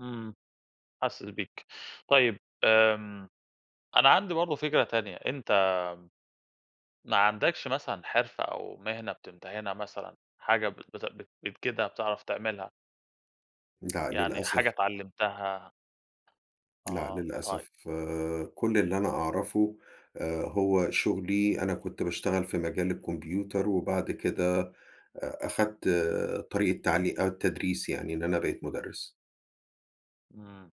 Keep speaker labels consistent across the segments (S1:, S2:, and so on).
S1: إمم، حاسس بيك، طيّب آمم، أنا عندي برضه فكرة تانية، أنت ما عندكش مثلًا حرفة أو مهنة بتمتهنها مثلًا، حاجة بت بت بتجيدها، بتعرف تعملها؟
S2: لا
S1: يعني حاجة
S2: للأسف
S1: اتعلمتها؟
S2: لا
S1: آه، طيب.
S2: للأسف كل اللي أنا أعرفه آآ هو شُغلي، أنا كُنت باشتغل في مجال الكمبيوتر وبعد كده أ أخدت آآ طريق التعلي التدريس يعني، إن أنا بقيت مُدرّس.
S1: إمم،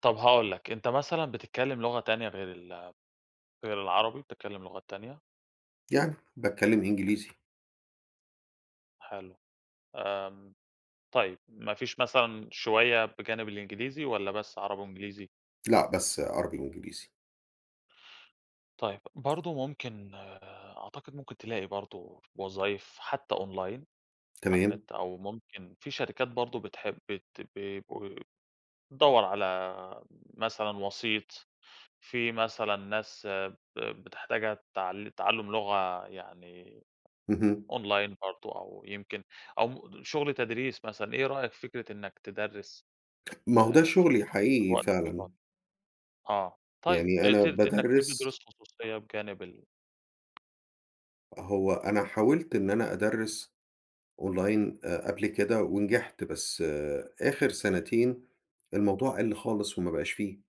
S1: طب هاقول لك، أنت مثلًا بتتكلم لغة تانية غير ال غير العربي، بتتكلم لغات تانية؟
S2: يعني، باتكلم إنجليزي.
S1: حلو. آمم طيب، ما فيش مثلًا شوية بجانب الإنجليزي، والّا بس عربي وإنجليزي؟
S2: لأ بس عربي وإنجليزي.
S1: طيب، برضه ممكن أعتقد ممكن تلاقي برضه وظايف حتى أونلاين على
S2: تمام.
S1: النت أو ممكن في شركات برضه بتحب بت بيبقوا دوّر على مثلًا وسيط، في مثلًا ناس ب بتحتاجها تعل تعلم لغة يعني
S2: اهم.
S1: أونلاين برضه أو يمكن أو مم شغل تدريس مثلًا، إيه رأيك في فكرة إنّك تدرّس؟
S2: ما هو ده
S1: آآ، فد
S2: شُغلي
S1: في
S2: حقيقي
S1: وقتك
S2: فعلًا.
S1: الفاضي. آه، طيب
S2: يعني أنا
S1: ابت إنّك تدّي
S2: بادَرّس.
S1: دروس خصوصية بجانب ال
S2: هو أنا حاولت إن أنا أدَرّس أونلاين آآ، قبل كده ونجحت، بس آخر سنتين، الموضوع قلّ خالص وما بقاش في.